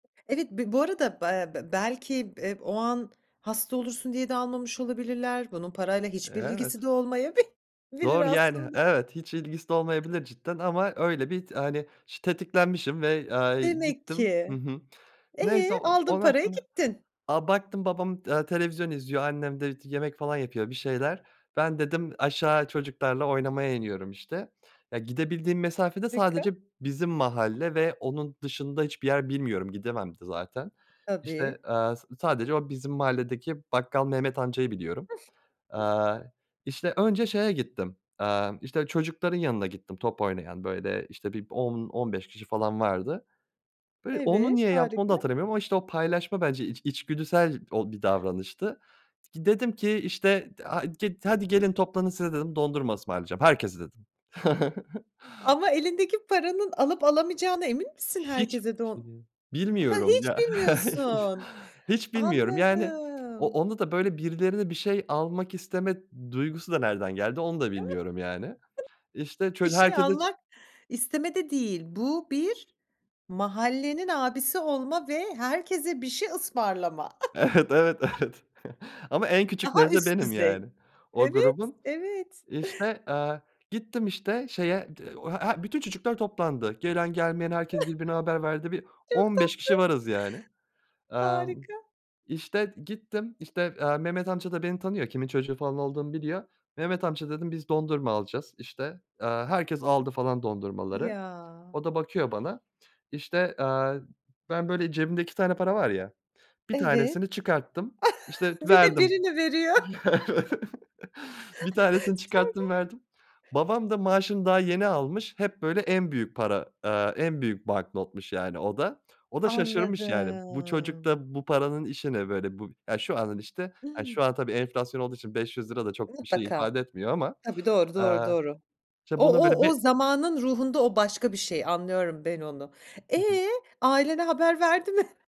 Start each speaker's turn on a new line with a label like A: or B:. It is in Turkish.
A: Evet, b bu arada, eee, belki b iii, o an hasta olursun diye de almamış olabilirler, bunun parayla
B: Eee,
A: hiçbir
B: evet
A: ilgisi de olmayabi bilir
B: Doğru yani,
A: aslında.
B: evet, hiç ilgisi olmayabilir cidden ama öyle bir t hani iş tetiklenmişim ve, eee, a
A: Demek
B: gittim Hı
A: ki.
B: hı.
A: E,
B: Neyse, eee,
A: aldın
B: ondan
A: parayı
B: sonra
A: gittin.
B: A, baktım babam, eee, televizyon izliyor annem de t yemek falan yapıyor bir şeyler "Ben" dedim "Aşağı çocuklarla oynamaya iniyorum." işte. Eee, gidebildiğim mesafe de
A: Rika
B: sadece bizim mahalle ve onun dışında hiçbir yer bilmiyorum gidemem de zaten. İşte,
A: Tabii.
B: eee, s sadece o bizim mahalledeki bakkal Mehmet Amca'yı biliyorum. Eee, işte, önce şeye gittim, eee, işte, çocukların yanına gittim top oynayan böyle, işte, bir 10-15 kişi falan vardı. Böyle onu
A: Evet,
B: niye yaptım onu da
A: harika.
B: hatırlamıyorum ama, işte, o paylaşma bence iç içgüdüsel o bir davranıştı. Gi dedim ki "işte [unintelligible] git, aaa, hadi gelin toplanın size dedim dondurma ısmarlayacağım herkese" dedim.
A: Ama elindeki paranın alıp alamayacağına emin misin
B: Hiç bir
A: herkese don
B: şey değil
A: Ha,
B: bilmiyorum
A: hiç
B: ya
A: bilmiyorsun.
B: hiç bilmiyorum yani o
A: Anladım.
B: onda da böyle birilerine bir şey almak isteme duygusu da nereden geldi, onu da
A: [unintelligible]
B: bilmiyorum yani. İşte,
A: Bir
B: çocuk
A: şey
B: herkese
A: almak istemek de değil bu bir mahallenin abisi olma ve herkese bir şey ısmarlama.
B: Evet, evet, evet. Ama en
A: Daha
B: küçükleri de
A: üst
B: benim
A: düzey.
B: yani o
A: Evet,
B: grubun.
A: evet.
B: İşte, eee, gittim işte, şeye, [unintelligible] he bütün çocuklar toplandı. Gelen gelmeyen herkes birbirine haber verdi. Bir
A: Çok
B: 15 kişi
A: tatlı.
B: varız yani. Emm,
A: Harika.
B: işte, gittim, işte, eee, Mehmet Amca da beni tanıyor, kimin çocuğu falan olduğumu biliyor. "Mehmet amca" dedim biz dondurma alacağız, işte, eee, herkes aldı falan dondurmaları.
A: Ya.
B: O da bakıyor bana, işte, eee, ben böyle cebimde 2 tane para var ya 1
A: Evet.
B: tanesini çıkarttım, işte, t
A: Bir de
B: verdim.
A: birini veriyor.
B: Evet. 1 tanesini çıkarttım, verdim.
A: Sonra?
B: Babam da maaşını daha yeni almış, hep böyle en büyük para, aaa, en büyük banknotmuş yani o da. O da şaşırmış yani, bu çocuk
A: Anladım.
B: da bu paranın işi ne böyle, bu ya şu andan işte, hani,
A: Hıı.
B: şu an tabii enflasyon olduğu için 500₺ da çok bir şey
A: Mutlaka.
B: ifade etmiyor ama
A: Tabii, doğru, doğru,
B: eee,
A: doğru.
B: işte,
A: O
B: bunu, böyle,
A: o o
B: be
A: zamanın ruhunda o başka bir şey anlıyorum ben onu.
B: Hı hı.
A: Eee, ailene haber verdi mi?